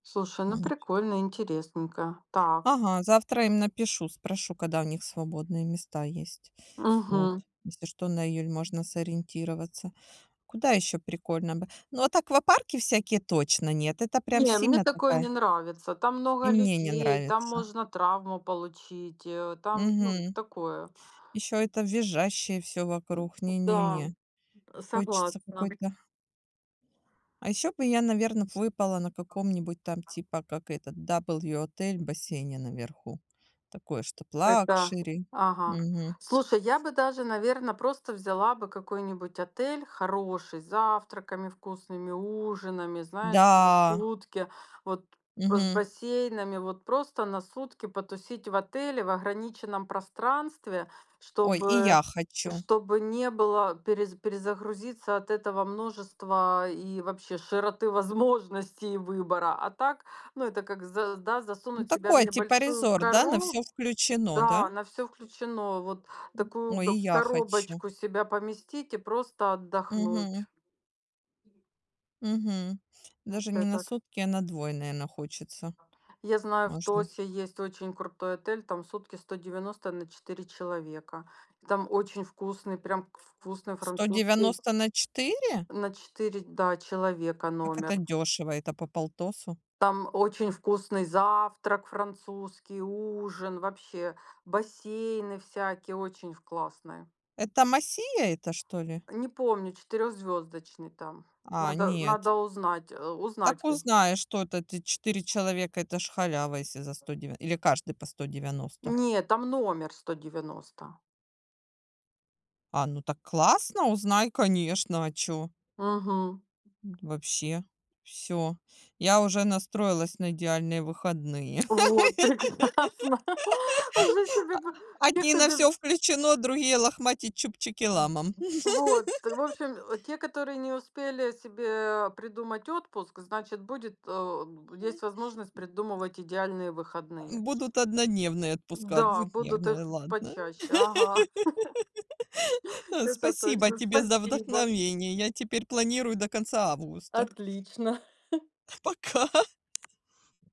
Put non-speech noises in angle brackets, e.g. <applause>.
Слушай, ну прикольно, интересненько. Так. Ага, завтра им напишу, спрошу, когда у них свободные места есть, вот. Мгм. Если что на июль можно сориентироваться. Куда ещё прикольно бы? Ну, вот, аквапарки всякие, точно нет. Это прям Не, мне сильно такое не такая нравится. Там И много мне не людей, там нравится. можно травму получить, э, там ну Мгм. такое. Ещё это визжащее всё вокруг, Да, не-не-не, а хочется согласна. какой-то А ещё бы я, наверно, б выпала на каком-нибудь, там, типа, как этот W отель, в бассейне наверху. Такое, чтоб Это лакшери, ага, мгм. слушай, я бы даже, наверно, просто взяла бы какой-нибудь отель хороший, с завтраками вкусными, ужинами, знаешь, за Да. сутки, вот, э, с Мгм. бассейнами. Вот, просто на сутки потусить в отеле в ограниченном пространстве, Ой, и чтобы я хочу. чтобы не было перез перезагрузиться от этого множества и вообще широты возможностей выбора. А так, ну, это как, за да, Ну засунуть себя в такой, типа, небольшую резорт, да? На коробку, всё включено, да? да, на всё включено, вот, такую Ой, бы и в я хочу. коробочку себя поместить и просто Мгм. отдохнуть. Мгм, даже не на Этот. сутки, а на 2, наверное, хочется. Я знаю, в Можно Тоссе есть очень крутой отель, там сутки 190 на 4 человека, и там очень вкусный, прям к ф вкусный сто французский девяносто на 4? На 4, да человека Как это номер. дешево? Это по полтосу? Там очень вкусный завтрак французский, ужин, вообще бассейны всякие, очень в классные. Это Macia эта что ли? Не помню четырехзвездочный там, А, надо, э, нет. надо узнать, а, узнать Так к узнай, что это, ты 4 человека- это ж халява, если за сто дев или каждый по 190? Не, там номер 190. А ну так классно! Узнай конечно, а чё. Мгм. М, вообще, всё. Я уже настроилась на идеальные выходные. Вот, прекрасно жить себе по <laughs> А, те одни- кто на без. всё включено, другие- "лохматить чубчики Мгм, ламам". вот, э. В <laughs> общем, э, те, которые не успели себе придумать отпуск, значит, будет, а, б Мгм. есть возможность придумывать идеальные выходные. М, будут однодневные отпуска, Да, будут их двухдневные, ладно. почаще. Ага. <chuckles> <laughs> Э, Это спасибо точно. тебе за Спасибо. вдохновение. Я теперь планирую до конца августа. Отлично. <chuckles> Пока.